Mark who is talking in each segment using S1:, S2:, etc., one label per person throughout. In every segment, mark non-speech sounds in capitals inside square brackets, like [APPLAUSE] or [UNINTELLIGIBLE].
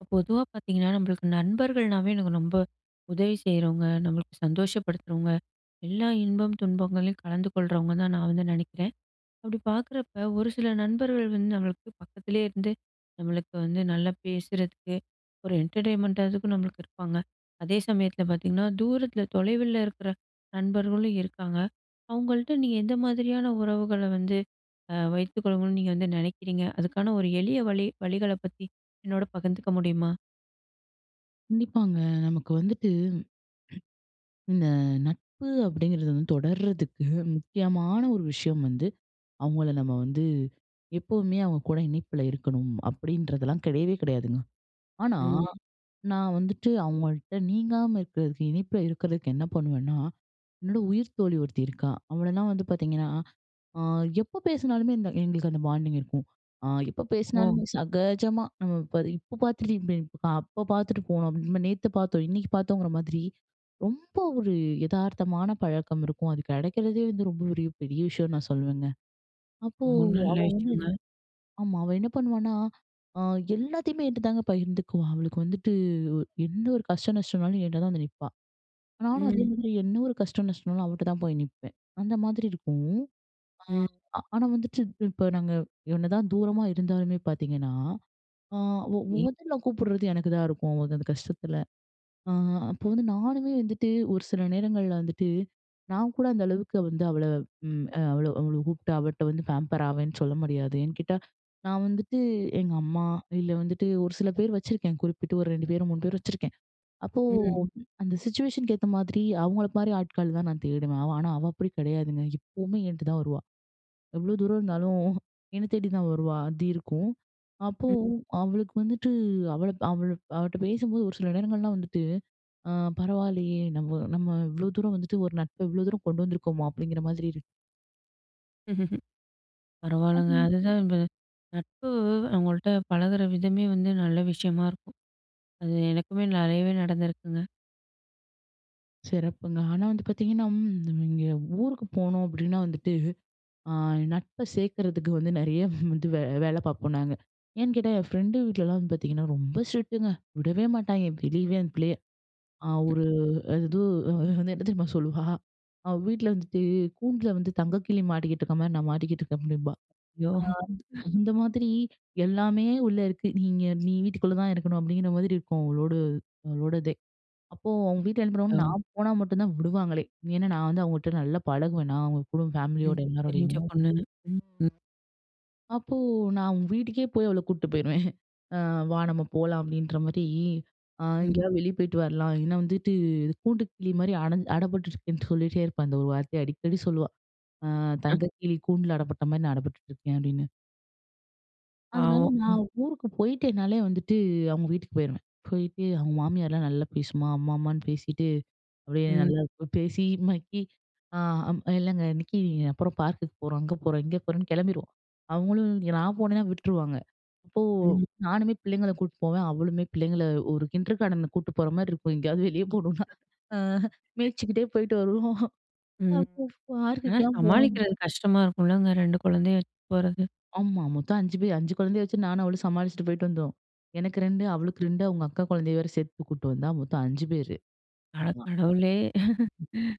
S1: இப்ப பொதுவா பாத்தீங்கன்னா, நம்பளுக்கு நண்பர்கள்னாவே எனக்கு ரொம்ப உதவி செய்றவங்க, நம்பளுக்கு சந்தோஷப்படுத்துறவங்க, எல்லா இன்பம், துன்பங்களையும் கலந்து கொள்றவங்க, தான் நான் வந்து நினைக்குறேன். அப்படி பாக்குறப்ப, ஒரு சில நண்பர்கள் வந்து நம்பளுக்கு பக்கத்துலேயே இருந்து, நம்பளுக்கு வந்து நல்லா பேசுறதுக்கு ஒரு என்டர்டெய்ன்மெண்டா அதுக்கும் நம்பளுக்கு இருப்பாங்க. அதே சமயத்துல பாத்தீங்கன்னா, தூரத்துல, தொலைவுல இருக்குற நண்பர்களும் இருக்காங்க. அவங்கள்ட்ட நீங்க எந்த மாதிரியான உறவுகள வந்து அ வைத்துக்கொள்ளுனும்ன்னு, நீங்க வந்து நினைக்கிறீங்க? அதுக்கான ஒரு எளிய வழி வழிகளப் பத்தி என்னோட பகிர்ந்துக்க முடியுமா?
S2: கண்டிப்பாங்க. நமக்கு வந்துட்டு இந்த நட்பு அப்படீங்குறது வந்து தொடருதற்கு முக்கியமான ஒரு விஷயம் வந்து, அவங்கள நம்ப வந்து, எப்போதுமே அவங்க கூட இணைப்புல இருக்கணும், அப்படீன்றதுலாம் கிடையவே கிடையாதுங்க. ஆனா,
S1: ம்.
S2: நான் வந்துட்டு அவங்கள்ட்ட நீங்காம இருக்குறதுக்கு, இணைப்புல இருக்குறதுக்கு என்ன பண்ணுவன்னா, என்னோட உயிர்த்தோழி ஒருத்தி இருக்கா, அவளலாம் வந்து பாத்தீங்கன்னா, அ எப்ப பேசினாலுமே இந்த எங்களுக்கு அந்த பாண்டிங் இருக்கும். அ எப்ப
S1: ஓ.
S2: பேசினாலுமே சகஜமா நம்ப இப்ப இப்போ பாத்து, அப்போ பாத்துட்டு போனோம். நம்ப நேத்து பாத்தோம். இன்னைக்கு பாத்தோங்குற மாதிரி, ரொம்ப ஒரு எதார்த்தமான பழக்கம் இருக்கும். அது கிடைக்குறதே வந்து ரொம்ப ஒரு பெரிய விஷயம் நான் சொல்வேங்க. அப்போ, அவ
S1: [UNINTELLIGIBLE]
S2: வந்து ஆமா, அவ என்ன பண்ணுவான்னா, அ எல்லாத்தையுமே என்கிட்ட தாங்க பகிர்ந்துக்குவா, அவளுக்கு வந்துட்டு எந்த ஒரு கஷ்ட, நஷ்டம்னாலும் என்ட்ட தான் வந்து நிப்பா. நானும் அதே
S1: ம்.
S2: மாரி என்ன ஒரு கஷ்ட, நஷ்டம்னாலும் அவகிட்ட தான் போய் நிப்பேன். அந்த மாதிரி இருக்கும். ஆ
S1: ம்.
S2: ஆனா, வந்துட்டு இப்போ நாங்க என்னதான் தூரமா இருந்தாலுமே பாத்தீங்கன்னா, அ ஒ
S1: சரி.
S2: மொதல்ல கூப்பிடுறது எனக்குதான் இருக்கும். அந்த கஷ்டத்துல, அ அப்போ வந்து நானுமே வந்துட்டு ஒரு சில நேரங்கள்ல வந்துட்டு, நான் கூட அந்த அளவுக்கு வந்து அவள ம் அவள அவள கூப்ட்டு அவள்ட்ட வந்து பாம்பர் ஆவேன்னு சொல்ல முடியாது. ஏன்னு கேட்டா, நான் வந்துட்டு எங்க அம்மா இல்ல வந்துட்டு ஒரு சில பேர் வச்சுருக்கேன் குறிப்பிட்டு ஒரு 2 பேரு, 3 பேரு வச்சிருக்கேன். அப்போ
S1: ம்.
S2: அந்த சிச்சுவேஷன்க்கு ஏத்த மாதிரி அவங்கள மாதிரி ஆட்கள் தான் நான் தேடுவேன். அவ ஆனா, அவ அப்படி கிடையாதுங்க. இப்பவுமே என்ட்ட தான் வருவா. எவ்வளவு தூரம் இருந்தாலும், என்ன தேடி தான் வருவா, அது இருக்கும். அப்போ
S1: ம்.
S2: அவளுக்கு வந்துட்டு அவள அவள்ட்ட பேசும்போது ஒரு சில, நேரங்கள்லாம் வந்துட்டு அ பரவால்லயே, நம்ம நம்ம இவ்வளோ தூரம் வந்துட்டு, ஒரு நட்ப இவ்வளோ தூரம் கொண்டு வந்துருக்கோமா, அப்படீங்குற மாதிரி இரு
S1: ம்ஹ்ஹ்ம். பரவால்லங்க,
S2: [UNINTELLIGIBLE]
S1: அதுதான் இப்ப நட்பு அவங்கள்ட்ட பழகுற விதமே வந்து நல்ல விஷயமா இருக்கும். அது எனக்குமே நிறையவே நடந்திருக்குங்க.
S2: சிறப்புங்க. ஆனா வந்து பார்த்திங்கன்னா, ம் நம்ம இங்கே ஊருக்கு போனோம் அப்டின்னா வந்துட்டு, அ நட்ப சேர்க்கிறதுக்கு வந்து நிறைய வந்து [CHUCKLES] வே வேல பார்ப்போம் நாங்க. ஏன்னு கேட்டா என் ஃப்ரெண்டு வீட்லலாம் வந்து பார்த்தீங்கன்னா ரொம்ப ஸ்ட்ரிக்ட்டுங்க. விடவே மாட்டாய்ங்க, வெளியவே அந்த பிள்ளைய. அ ஒரு எது அது என்ன தெரியுமா சொல்லுவா அவ வீட்டுல வந்துட்டு "கூண்டில்ல வந்து தங்க கிளி மாட்டிக்கிட்டு இருக்கிற மாரி, நான் மாட்டிக்கிட்டு இருக்கேன்." அப்டிம்பா.
S1: யோ அ.
S2: ஆ அந்த மாதிரி, "எல்லாமே உள்ள இருக்கு. நீங்க நீ வீட்டுக்குள்ள தான் இருக்கணும்." அப்டிங்கிற மாதிரி இருக்கும். அவளோடு அவளோட இதே. அப்போ, அவங்க வீட்டுல என்ன பண்ணுவாங்க,
S1: யோ.
S2: நான் போனா மட்டுந்தா விடுவாங்களே. ஏன்னா நான் வந்து அவங்ககிட்ட நல்லா பழகுவேனா அவங்க கூட,
S1: ம்,
S2: ஃபேமிலியோட எல்லாருடையும்.
S1: தெரிஞ்ச பொண்ணுன்னு, ம்.
S2: அப்போ, நா அவுங்க வீட்டுக்கே போய் அவள கூட்டு போயிருவேன். [CHUCKLES] "வா நம்ம போலாம்." அப்டின்ற மாரி அ
S1: ம்.
S2: "எங்கேயாவது வெளியே போய்ட்டு வரலாம்." இல்லனா வந்துட்டு கூண்டு கிளி மாரி அட அடப்பட்டுருக்கேன்னு சொல்லிகிட்டே இருப்பா. இந்த 1 வார்த்தைய அடிக்கடி சொல்லுவா. "அ
S1: [UNINTELLIGIBLE]
S2: தங்க கிளி கூண்டுல அடப்பட்ட மாரி நான் அடப்பட்டுட்டு இருக்கேன்." அப்டின்னு. அதனால
S1: பாவம்.
S2: நான் ஊருக்கு போயிட்டேன்னாலே வந்துட்டு, அவங்க வீட்டுக்கு போயிறுவேன். போயிட்டு, அவங்க மாமியார்லா நல்லா பேசுமா அம்மா, அம்மான்னு பேசிட்டு அப்படியே
S1: ம்.
S2: நல்லாப் பேசி மக்கி. அ அம் இல்லங்க இன்னைக்கு அப்புறம் பார்க்குக்கு போறோம், அங்க போறோம், இங்க போறோம்ன்னு கிளம்பிறுவோம். அவங்களும் நான் போனேனா விட்டுருவாங்க. அப்போ,
S1: ம்.
S2: நானுமே பிள்ளைங்கள கூட்டு போவேன், அவளுமே பிள்ளைங்கள ஒரு கிண்டர்கார்டன கூட்டு போற மாரி இருக்கும் எங்கேயாவது வெளியே போணும்னா. அ மேய்ச்சிக்கிட்டே போயிட்டு வருவோம்.
S1: ம்.
S2: அப்போ
S1: அ
S2: பார்க்குக்கலா போணும்
S1: சமாளிக்கிறது கஷ்டமா இருக்குலங்க! 2 குழந்தையும் வச்சு போறது?
S2: ஆமா. மொத்தம் 5 பேர் 5 குழந்தையை வெச்சி நானும் அவளும் சமாளிச்சிட்டு போயிட்டு வந்தோம். எனக்கு 2, அவளுக்கு 2, அவங்க அக்கா குழந்தையை வேற சேர்த்து கூட்டு வந்தா, மொத்தம் 5 பேரு.
S1: அட கடவுளே. [LAUGHS]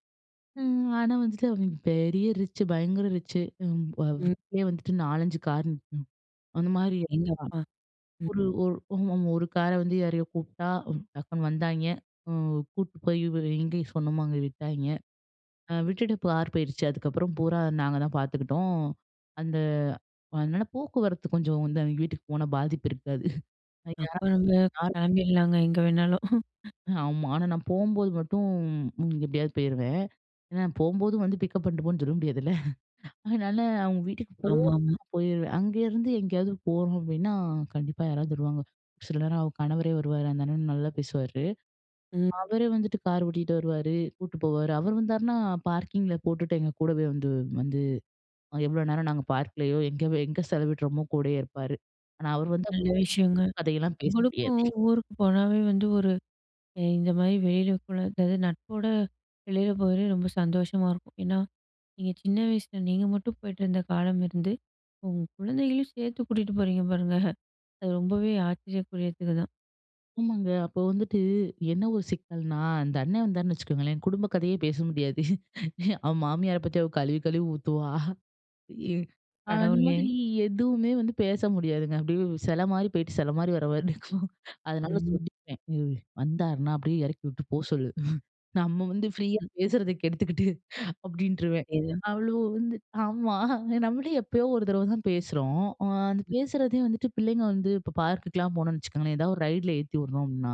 S2: ம்! ஆனா வந்துட்டு அவனுங்க "பெரிய ரிச்சு பயங்கர ரிச்சு" ம் வ
S1: ம்.
S2: வீட்டிலேயே வந்துட்டு 4,5 கார் நிக்கும். அந்த மாரி
S1: அடேங்க
S2: இருப்பா.
S1: அப்பா!
S2: ஒரு
S1: ம்.
S2: ஒரு கார வந்து யாரையோ கூப்புட்டா, டக்குனு வந்தாய்ங்க, அ கூட்டு போய் எங்க சொன்னோமோ அங்க விட்டாய்ங்க. அ விட்டுட்டு பார் போயிறுச்சு, அதுக்கப்புறம் பூரா, நாங்க தான் பார்த்துக்குட்டோம். அந்த அதனால போக்குவரத்து கொஞ்சம் வந்து அவிங்க வீட்டுக்கு போனா பாதிப்பு இருக்காது
S1: அப்ப நம்ம கிளம்பிடலாங்க, எங்க வேணாலும்! [CHUCKLES]
S2: ஆமா. ஆனா நான் போம்போது மட்டும். எப்படியாவது போயிருவேன். ஏன்னா, போம்போது வந்து பிக்கப் பண்ட் போன்னு சொல்ல முடியாதுல்ல. [CHUCKLES] அதனால, அவங்க வீட்டுக்கு போறப்ப
S1: ஆமாமா.
S2: நான் போயிருவேன் அங்கயிருந்து எங்கேயாவது போறோம் அப்படின்னா கண்டிப்பா யாராவது வருவாங்க. சில நேரம் அவ கணவரே வருவாரு, அந்த அண்ணன் நல்லா பேசுவாரு.
S1: ம்.
S2: அவர வந்துட்டு கார் ஓட்டிட்டு வருவாரு, கூட்டு போவாரு. அவரு வந்தார்னா பார்க்கிங்கில போட்டுட்டு. எங்க கூடவே வந்து வந்து எவ்வளோ நேரம் நாங்க பார்க்கலேயோ எங்க எங்க செலவிடுறோமோ கூடயே இருப்பாரு. ஆனா, அவர் வந்தா
S1: நல்ல
S2: குடும்ப
S1: விஷயங்க.
S2: கதயெல்லாம் பேச
S1: உங்களுக்க
S2: முடியாது!
S1: ஊருக்கு போனாவே வந்து ஒரு எ இந்த மாரி வெளியில கூட அதாவது நட்போட வெளில போறதே ரொம்ப சந்தோஷமா இருக்கும். ஏன்னா, நீங்க சின்ன வயசில நீங்க மட்டும் போயிட்டிருந்த காலம் இருந்து, உங்க குழந்தைகளையும் சேர்த்து கூட்டிட்டு போறீங்க பாருங்க! அது ரொம்பவே ஆச்சரியகூரியத்துக்குதான்.
S2: ஆமாங்க. அப்ப வந்துட்டு என்ன ஒரு சிக்கல்னா அந்த அண்ணே வந்தார்ன்னு வச்சுக்கங்களேன் குடும்ப கதையே பேச முடியாது. [CHUCKLES] அவ மாமியார பத்தி அவ கழுவி கழுவி ஊத்துவா. [CHUCKLES] இ அந்த மாதிரி
S1: கடவுளே.
S2: எதுவுமே வந்து பேச முடியாதுங்க.அப்டியே செல மாதிரி போய்ட்டு செல மாதிரி வர்ற மாரி இருக்கும். [CHUCKLES] அதனால
S1: ம்.
S2: சொல்லிப்பேன். ''வந்தார்னா அப்டியே எறக்கி விட்டு போ சொல்லு. [CHUCKLES] நம்ம வந்து ஃப்ரீயா
S1: ம்.
S2: பேசுறத கெடுத்துக்கிட்டு'' [CHUCKLES] அப்டின்ட்ருவேன்.
S1: எது.
S2: அவ்ளும் வந்து ஆமா நம்மளே எப்பயோ ஒரு தடவ தான் பேசுறோம். அந்த
S1: ம்.
S2: பேசுறதையும் வந்துட்டு பிள்ளைங்க வந்து இப்போ பார்க்குக்லாம் போனோம்னு வச்சுக்கோங்களேன், எதாவது ஒரு ரைடில ஏத்தி விடுறோம்னா,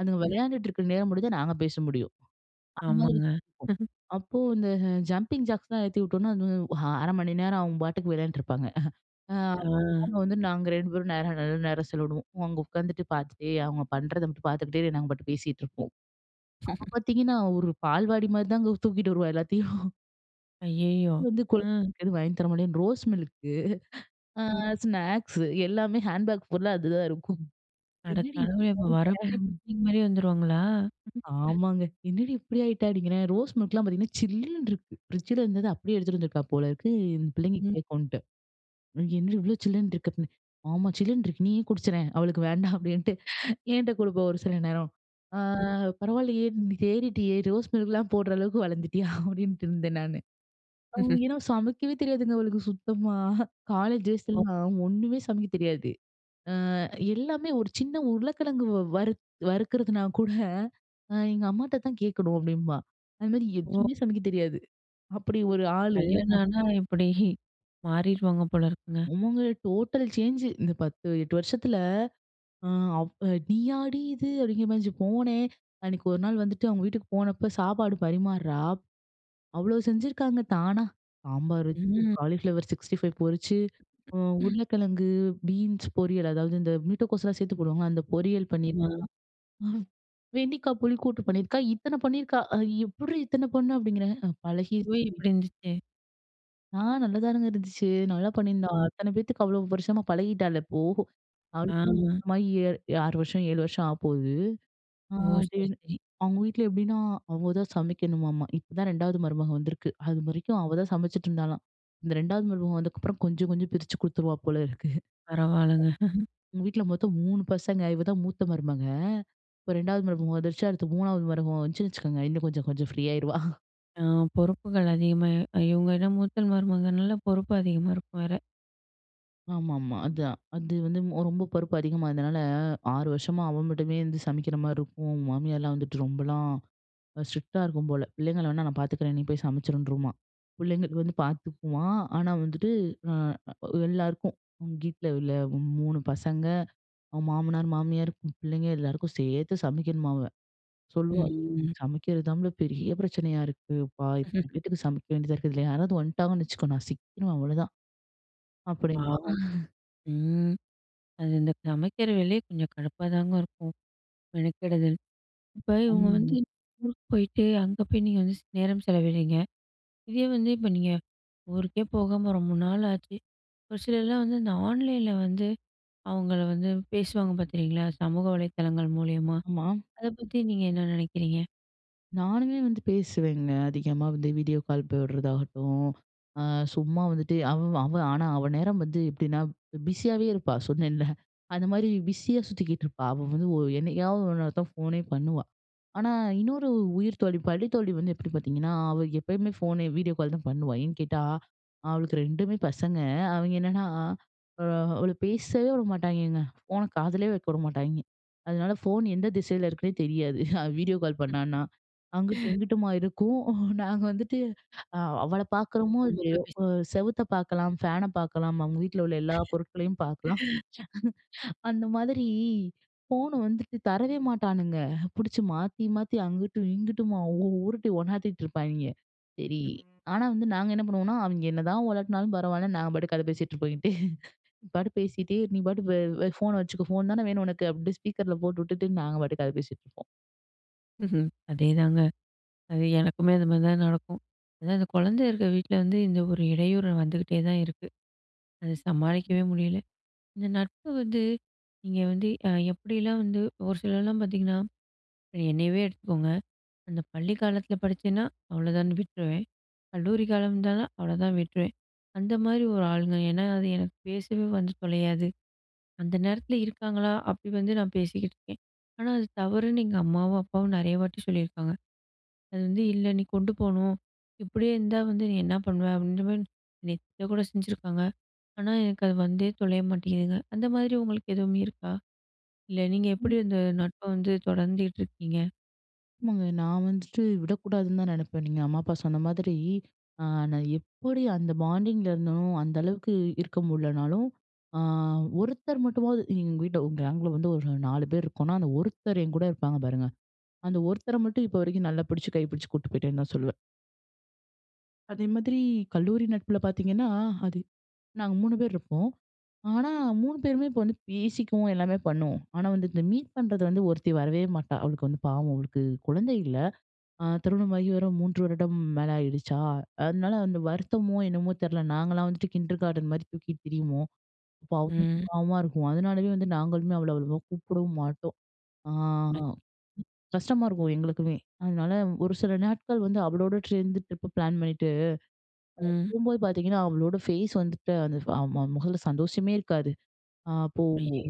S2: அதுங்க
S1: ம்.
S2: வெளையாண்டுட்டு இருக்ற நேரம் மட்டும்தான் நாங்க பேச முடியும். அதுமாதிரி
S1: ஆமாங்க. [LAUGHS]
S2: அப்போ இந்த ஜம்பிங் ஜாக்ஸ்லாம் ஏத்தி விட்டோம்னா, அது 1/2 மணி நேரம் அவங்க பாட்டுக்கு வெளையாண்ட்டு இருப்பாங்க. [CHUCKLES] ஆ
S1: ஆ.
S2: அங்க வந்து நாங்க 2 பேரும் நேரம் நல்ல நேரம் செலவிடுவோம். அங்க உட்காந்துட்டு பார்த்துட்டே அவங்க பண்றத மட்டும் பார்த்துக்கிட்டே நாங்க பாட்டுக்கு பேசிட்டு இருப்போம். அப்ப பார்த்தீங்கன்னா,
S1: [LAUGHS]
S2: ஒரு பால்வாடி மாதிரிதாங்க தூக்கிட்டு வருவா எல்லாத்தையும். [LAUGHS]
S1: அய்யய்யோ!
S2: வந்து கொல்
S1: ம்.
S2: எதும் வாங்கி தர மாட்டேன். ரோஸ் மில்க்கு [CHUCKLES] அ
S1: ம்.
S2: ஸ்நாக்ஸு எல்லாமே ஹேண்ட் பேக் புல்லா அதுதான் இருக்கும்.
S1: அட
S2: என்னடி
S1: கடவுளே! அப்போ வர்றப்பயே
S2: [UNINTELLIGIBLE]
S1: பிக்னிக் மாதிரி வந்துருவாங்களா? ம்.
S2: ஆமாங்க. என்னடி இப்படி ஆயிட்ட? அப்படிங்றேன் ரோஸ் மில்க்லாம் பார்த்தீங்கன்னா, சில்லுன்னு இருக்கு ஃப்ரிட்ஜ்ல இருந்தத அப்டியே எடுத்துட்டு வந்துருக்கா போலருக்கு, இந்த பிள்ளைங்க
S1: ம்.
S2: கேக்குன்ட்டு. என்னடி இவ்ளோ சில்லுன்னு இருக்கு அப்டின். ஆமா சில்லுன்னு இருக்கு நீயே குடிச்சறேன், அவளுக்கு வேண்டாம். அப்டின்ட்டு என்ட்ட கொடுப்பா ஒரு சில நேரம்.
S1: ம்.
S2: [CHUCKLES] ''அ பரவால்லயே நீ தேறிட்டியே ரோஸ் மில்க்லாம் போட்ற அளவுக்கு வளர்ந்துட்டியா?'' [CHUCKLES] அப்டின்ட்டு இருந்தேன் நானு. அ
S1: ம்ஹம்.
S2: ஏன்னா சமைக்கவே தெரியாதுங்க அவளுக்கு சுத்தமா. காலேஜ்
S1: ஓ!
S2: டேஸ்லலாம், ஒண்ணுமே சமைக்க தெரியாது. அ எல்லாமே ஒரு சின்ன உருளைக்கிழங்கு வறுத் வறுக்குறதுனா கூட எங்க அம்மாட்ட தான் கேக்கணும் அப்டின்பா. அது மாதிரி
S1: ஒ!
S2: எதுவுமே சமைக்க தெரியாது அப்டி ஒரு ஆளு.
S1: கல்யாணம் ஆனா இப்டி [CHUCKLES] மாறிருவாங்க போல இருக்குங்க!
S2: ஆமாங்க டோட்டல் சேஞ்சு. இந்த 10, 8 வருஷத்ல அ அவ் நீயாடி இது! அப்படிங்கிற மாதிரி இருந்ச்சு. போனேன் அன்னிக்கு ஒரு நாள் வந்துட்டு அவங்க வீட்டுக்கு போனப்போ சாப்பாடு பரிமார்றா, அவ்ளோ செஞ்சிருக்காங்க தானா. சாம்பார் வச்சு,
S1: ம்.
S2: காலிஃப்ளவர் சிக்ஸ்டி ஃபைவ் பொரிச்சு, அ
S1: ம்.
S2: உருளைக்கிழங்கு பீன்ஸ் பொரியல் அதாவது இந்த மீட்டகோஸ்லாம் சேர்த்து போடுவாங்ல அந்த பொரியல் பண்ணியிருக்கா.
S1: ஆமா.
S2: ஆ வெண்டிக்கா புளி கூட்டு பண்ணிருக்கா இத்தன பண்ணிருக்கா. ''அது எப்பிர்டி இத்தன பண்ண?'' அப்டிங்றேன்
S1: சுவை
S2: பழகிர்ச்டி.
S1: எப்டி இருந்துச்சு?
S2: ஆ, நல்லாதானுங்க இருந்துச்சு. நல்லா பண்ணியிருந்தா.
S1: ம்.
S2: அத்தன பேத்துக்கு, அவ்ளோ வருஷமா பழகிட்டாள இப்போ, அவளுக்கு
S1: ஆமா.
S2: கல்யாணமாகி, 6 வருஷம், 7 வருஷம் ஆகப்போது. அ
S1: ஓ!
S2: அதே
S1: சரி- சரி.
S2: அவங்க வீட்ல எப்டீன்னா, அவங்க தான் சமைக்கணுமாமா. இப்ப தான் 2வது மருமக வந்திருக்கு. அது வரைக்கும் அவ தான் சமச்சிட்ருந்தாளாம். இந்த 2வது மருமக வந்ததுக்கப்புறம் கொஞ்ச கொஞ்சம் பிரிச்சு குடுத்துருவா போல இருக்கு.
S1: பரவால்லங்க. [LAUGHS]
S2: அவங்க வீட்ல மொத்தம் 3 பசங்க. இவ தான் மூத்த மருமக. இப்ப 2வது மரும வந்துருச்சு. அடுத்து 3வது மருமவ வந்துச்சுன்னு வச்சுக்குங்க, இன்னும் கொஞ்ச கொஞ்சம் ஃப்ரீயாருவா. [CHUCKLES]
S1: ஆ. பொறுப்புகள் அதிகமா இ இவங்க எனோ மூத்த மருமகனால பொறுப்பு அதிகமா இருக்கும் வேற.
S2: ஆமாமா. அதான். அது வந்து ரொம்ப பொறுப்பு அதிகமா இருந்தனால, 6 வருஷமா அவ மட்டுமே வந்து சமைக்கிற மாரி இருக்கும். மாமியார்லாம் வந்துட்டு ரொம்பலாம் ஸ்ட்ரிக்ட்டா இருக்கும் போல. பிள்ளைங்க வேணா நான் பாத்துக்கிறேன். நீ போய் சமைச்சுருன்ருமா. பிள்ளைங்களுக்கு வந்து பாத்துக்குமா, ஆனா வந்துட்டு, அ எல்லாருக்கும் வீட்டில உள்ள 3 பசங்க, அவங் மாமனார், மாமியார், பிள்ளைங்க எல்லாருக்கும் சேர்த்து சமைக்கணுமா அவ. சொல்லுவா,
S1: ம்.
S2: "சமைக்கிறது தாம்ல பெரிய பிரச்சனையா இருக்கு பா. இத்தனை
S1: [CHUCKLES]
S2: பேத்துக்கு சமைக்க வேண்டியதா இருக்கு இல்லயா? யாராவது வன்ட்டாங்கன்னு வச்சுக்கோ, நான் சிக்கிருவேன். அவ்ளோதான்." அப்படீன்பா.
S1: பாவம்!
S2: [LAUGHS]
S1: ம். அது, இந்த சமைக்கிற வேலையே கொஞ்ச கடுப்பாதாங்க இருக்கும். மெனக்கெடுதல் இப்ப இவங்க வந்து
S2: அம்.
S1: ஊருக்கு போய்ட்டு, அங்க போயி நீங்க வந்து ஸ் நேரம் செலவிடுறீங்க. இதே வந்து இப்ப, நீங்க ஊருக்கே போகாம, ரொம்ப நாள் ஆச்சு ஒரு சிலர்லாம் வந்து இந்த ஆன்லைன்ல வந்து, அவுங்கள வந்து பேசுவாங்க பாத்திருக்கீங்களா, சமூக வலைதளங்கள் மூலியமா.
S2: ஆமா.
S1: அத பத்தி நீங்க என்ன நெனைக்கிறீங்க?
S2: நானுமே வந்து பேசுவேங்க, அதிகமா வந்து வீடியோ கால் போடுறதாகட்டும், அ சும்மா வந்துட்டு அவ அவ, ஆனா அவ நேரம் வந்து எப்படின்னா ப் பிஸியாவே இருப்பா சொன்னேன்ல. அந்தமாரி பிஸியா சுத்திக்கிட்டு இருப்பா. அவ வந்து ஓ என்னைக்காவது ஒரு நேரம் தான் ஃபோனே பண்ணுவா. ஆனா, இன்னொரு உ உயிர்த்தோழி பள்ளி தோழி வந்து எப்படி பாத்தீங்கன்னா, அவ எப்பயுமே ஃபோன், வீடியோ கால் தான் பண்ணுவா. ஏன்னு கேட்டா, அவளுக்கு 2மே பசங்க. அவிங்க என்னன்னா, அ அவள பேசவே விடமாட்டாய்ங்கங்க. ஃபோன காதுலேயே வைக்க விடமாட்டாய்ங்க. அதுனால ஃபோன் எந்த திசைல இருக்குன்னே தெரியாது. அ வீடியோ கால் பண்ணான்னா. அங்கிட்டு,
S1: [CHUCKLES]
S2: இங்கிட்டுமா இருக்கும். நாங்க வந்துட்டு. அ அவள பாக்குறோமோ? இல்லயோ,
S1: [UNINTELLIGIBLE]
S2: செவுத்த பாக்கலாம், ஃபேன பாக்கலாம். அவங்க வீட்ல உள்ள எல்லா பொருட்களையும் பாக்கலாம்.
S1: [CHUCKLES]
S2: [CHUCKLES] அந்த மாதிரி, ஃபோன வந்துட்டு தரவே மாட்டானுங்க. புடிச்சு மாத்தி மாத்தி, அங்குட்டு, இங்குட்டுமா, உருட்டி ஒண்ணாத்திட்டு இருப்பாய்ங்க. சரி, ஆனா வந்து நாங்க என்ன பண்ணுவோம்னா? அவங்க என்னதான் உலட்டுனாலும் பரவால்ல. நாங்க பாட்டுக்கு கத பேசிட்டு இங்கிட்டு. [CHUCKLES] நீ பாட்டுக்கு பேசிட்டே நீ பாட்டுக்கு அ அ ஃபோன வச்சுக்கோ. ஃபோன் தான வேணும் உனக்கு. அப்படியே ஸ்பீக்கர்ல போட்டு விட்டுட்டு, நாங்க பாட்டுக்கு கத பேசிட்டுருப்போம்!
S1: ம்ஹ்ம். அதேதாங்க, அது எனக்குமே அது மாதிரி தான் நடக்கும். அதான் அந்த குழந்தை இருக்குற வீட்ல வந்து, இந்த ஒரு இடையூறு வந்துக்கிட்டே தான் இருக்கு. அத சமாளிக்கவே
S2: ம்.
S1: முடியல. இந்த நட்பு வந்து, நீங்க வந்து அ எப்படிலாம் வந்து ஒரு சிலர்லாம் பாத்தீங்கன்னா, என்னையவே எடுத்துக்கோங்க, அந்த பள்ளி காலத்துல படிச்சேனா, அவ்வளோதான்னு விட்ருவேன். கல்லூரி காலம் இருந்தா, அவ்வளோதான் விட்டுருவேன். அந்த மாரி ஒரு ஆளுங்க. ஏன்னா, அது எனக்கு பேசவே வந்து தொலையாது. அந்த நேரத்துல இருக்காங்களா? அப்படி வந்து நான் பேசிக்கிட்டு இருக்கேன். ஆனா, அது தவறுன்னு எங்க அம்மாவும், அப்பாவும் நெறைய வாட்டி சொல்லியிருக்காங்க. அது வந்து "இல்ல, நீ கொண்டு போணும். இப்படியே இருந்தா, வந்து நீ என்ன பண்ணுவ?" அப்டீங்குற மாரி திட்ட கூட செஞ்சுருக்காங்க. ஆனா, எனக்கு அது வந்தே தொலைய மாட்டேங்குதுங்க! அந்த மாதிரி உங்களுக்கு எதுவுமே இருக்கா? இல்ல நீங்க எப்படி
S2: ம்.
S1: அந்த நட்ப வந்து தொடர்ந்துட்டு இருக்கீங்க?
S2: ஆமாங்க. நான் வந்துட்டு விடக்கூடாதுன்னு தான் நெனப்பேன். நீங்க அம்மா அப்பா சொன்ன மாதிரி, நான் எப்புடி அந்த பாண்டிங்கிலருந்தனோ அந்த அளவுக்கு இருக்க முடிலனாலும். அ ஒருத்தர் மட்டுமாவது எங்க வீட்டில ஒரு கேங்கில வந்து ஒரு 4 பேர் இருக்கோம்னா, அந்த ஒருத்தர் என்கூட இருப்பாங்க பாருங்க. அந்த ஒருத்தர மட்டும் இப்போ வரைக்கும் நல்லா பிடிச்சு கை பிடிச்சு கூட்டு போயிட்டேன்னு தான் சொல்லுவேன். அதே மாதிரி, கல்லூரி நட்புல பார்த்தீங்கன்னா, அது நாங்க 3 பேரு இருப்போம். ஆனா 3 பேருமே இப்போ வந்து பேசிக்குவோம், எல்லாமே பண்ணுவோம். ஆனா வந்து இந்த மீட் பண்றது வந்து ஒருத்தி வரவே மாட்டா. அவளுக்கு வந்து பாவம் அவளுக்கு குழந்தை இல்ல. அ திருமணம் ஆகி வரும் 3 வருடம் மேலே ஆயிடுச்சா! அதனால அந்த வருத்தமோ என்னமோ தெர்ல நாங்கலாம் வந்துட்டு கிண்டர் கார்டன் மாரி தூக்கிட்டு திரியுவோம். அப்போ அவளுக்கு
S1: ம்.
S2: பாவமா இருக்கும். அதனாலவே வந்து நாங்களுமே அவள அவ்வளவா கூப்பிடவும் மாட்டோம். அ
S1: [UNINTELLIGIBLE]
S2: கஷ்டமா இருக்கும் எங்களுக்குமே. அதனால ஒரு சில நாட்கள் வந்து அவளோட சேர்ந்து ட்ரிப் பிளான் பண்ணிட்டு,
S1: ம்.
S2: போம்போது பார்த்தீங்கன்னா அவளோட ஃபேஸ் வந்துட்டு அந்த அ முகத்துல சந்தோஷமே இருக்காது. அப்போ
S1: ஐயோ!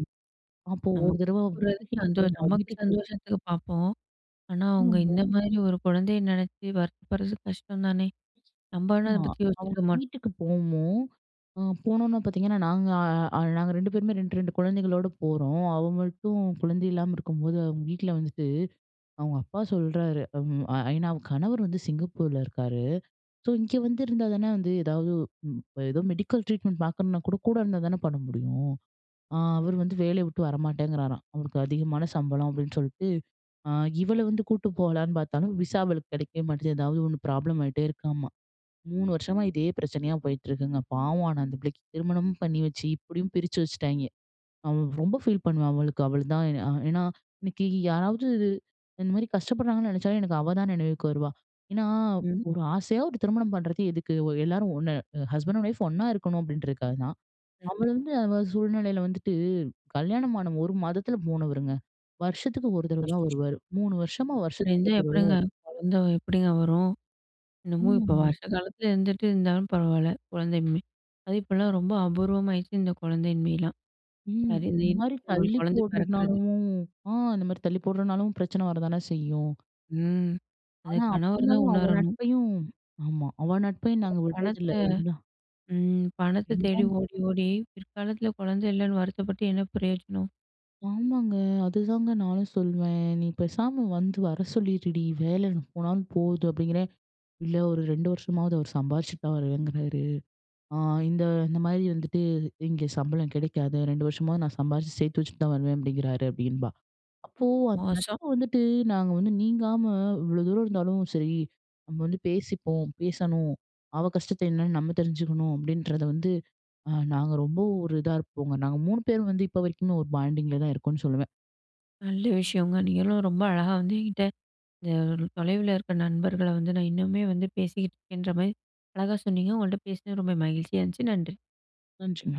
S2: அப்போ
S1: நம்ம
S2: ஒரு தடவ
S1: சாப்டுறது
S2: வீட்டுக்கே
S1: சந்தோஷ்
S2: போனோம்.
S1: நமக்கு
S2: வீட்டுக்கு போ
S1: சந்தோஷத்துக்கு பார்ப்போம். ஆனா அவுங்க
S2: [UNINTELLIGIBLE]
S1: இந்த மாரி ஒரு கொழந்தைய நெனச்சி வருத்தப்பட்றது கஷ்டம் தானே! நம்ப ஆனா அத
S2: ஆமா
S1: பத்தி
S2: அவங்க
S1: யோசிச்சிருக்க மாட்டோம்.
S2: வீட்டுக்கு போனோம். அ போனோன்ன பார்த்தீங்கன்னா, நாங்க அ நாங்க 2 பேருமே 2 2 குழந்தைகளோடு போறோம். அவ மட்டும் குழந்தை இல்லாம இருக்கும்போது அவங்க வீட்ல வந்துட்டு, அவங்க அப்பா சொல்றாரு, ஐ நா அவங்க கணவர் வந்து சிங்கப்பூர்ல இருக்காரு. ஸோ இங்கே வந்து இருந்தா தானே வந்து ஏதாவது ஏதோ மெடிக்கல் ட்ரீட்மெண்ட் பார்க்கணும்னா கூட, கூட இருந்தா தானே பண்ண முடியும். ஆ அவரு வந்து வேலைய விட்டு வரமாட்டேங்கிறாராம். அவருக்கு "அதிகமான சம்பளம்" அப்டின்னு சொல்ட்டு, ஆ இவள வந்து கூட்டு போகலான்னு பார்த்தாலும். விசா அவளுக்கு கெடைக்கவே மாட்டேங்குது. ஏதாவது ஒண்ணு ப்ராப்ளம் ஆகிட்டே இருக்காமா. 3 வருஷமா இதே பிரச்சனையா போயிட்டுருக்குங்க. பாவம் ஆனா அந்த பிள்ளைக்கு திருமணமும் பண்ணி வச்சு இப்டியும் பிரிச்சு வச்சுட்டாய்ங்க. அவ ரொம்ப ஃபீல் பண்ணுவா அவளுக்கு அவுளதான். ஏன்னா, இன்னைக்கி யாராவது இந்த மாரி கஷ்டப்படுறாங்கன்னு நெனைச்சாலும், எனக்கு அவ தான் நினைவுக்கு வருவா. ஏன்னா,
S1: ம்.
S2: ஒரு ஆசையா ஒரு திருமணம் பண்றது எதுக்கு எல்லாரும் ஒன்னு ஹஸ்பண்ட்டும் ஒயிஃப் ஒண்ணா இருக்கணும் அப்டின்றதுக்காக தான். அவளு
S1: ம்ஹ்ம்.
S2: வந்து அவ சூழ்நிலையில வந்துட்டு, கல்யாணம் ஆன 1 மாதத்தில போனவருங்க. வருஷத்துக்கு 1 தடவ
S1: அச்
S2: தான்
S1: [UNINTELLIGIBLE]
S2: வருவாரு. 3 வருஷமா
S1: அப்டி
S2: வருஷத்துக்கு
S1: இருந்தா
S2: 1 தடவ தான்
S1: எப்டிங்க?
S2: வருவாரு.
S1: கொழந்த எப்டிங்க வரும்? என்னமோ இப்போ
S2: ஆமாங்க.
S1: வருஷ காலத்துல இருந்துட்டு இருந்தாலும் பரவாயில்ல. குழந்தையின்மை. அது இப்போலாம் ரொம்ப அபூர்வமாகிடுச்சு. இந்த குழந்தையின்மைலாம்,
S2: ம். இந்த மாரி
S1: அவளுக்கு
S2: தள்ளி
S1: குழந்தை பெறக்குறது.
S2: போடுறதுனாலவும், ஆ இந்த மாரி தள்ளி போடுறதுனாலும் பிரச்சன வரதான செய்யும்.
S1: ம். அத
S2: ஆனா, அப்டி
S1: கணவர்தான்
S2: இருந்தாலும் அவ
S1: உணரணும்.
S2: நட்பையும் ஆமா அவ நட்பையும் நாங்க விட்றது
S1: பணத்த,
S2: இல்ல. [UNINTELLIGIBLE]
S1: ம். பணத்த தேடி
S2: என்ன?
S1: ஓடி ஓடி, பிற்காலத்துல கொழந்த இல்லன்னு வருத்தப்பட்டு, என்ன பிரயோஜனம்?
S2: ஆமாங்க! அதுதாங்க நானும் சொல்வேன். "நீ பேசாம வந்து வர சொல்லிருடி, வேல போனாலும் போது" அப்டிங்கிறேன். "இல்ல ஒரு 2 வருஷமாவது அவர் சம்பாதிச்சுட்டு தான் வருவேங்கிறாரு. ஆ இந்த இந்த மாரி வந்துட்டு இங்க சம்பளம் கெடைக்காது, 2 வருஷமா நான் சம்பாரிச்சு சேர்த்து வச்சுட்டு தான் வருவேன்" அப்டிங்கிறாரு. அப்டின்பா. அப்போ அந்த
S1: மோசம்.
S2: நட்பு வந்துட்டு, நாங்க வந்து நீங்காம இவ்ளோ தூரம் இருந்தாலும், "சரி நம்ம வந்து பேசிப்போம், பேசணும் அவ கஷ்டத்தை என்னன்னு நம்ம தெரிஞ்சுக்கணும்" அப்டின்றத வந்து, அ நாங்க ரொம்ப ஒரு இதா இருப்போங்க. நாங்க 3 பேரும் வந்து இப்ப வரைக்குமே ஒரு பாண்டிங்ல தான் இருக்கோம்னு சொல்லுவேன்.
S1: நல்ல விஷயங்க. நீங்களும் ரொம்ப அழகா வந்து "என்கிட்ட, இந்த தொலைவில இருக்குற நண்பர்கள வந்து நான் இன்னுமே வந்து பேசிக்கிட்டுருக்கேன்"ற மாரி, அழகா சொன்னீங்க. உங்கள்ட்ட பேசினது ரொம்ப மகிழ்ச்சியா இருந்துச்சு. நன்றி.
S2: நன்றிங்க.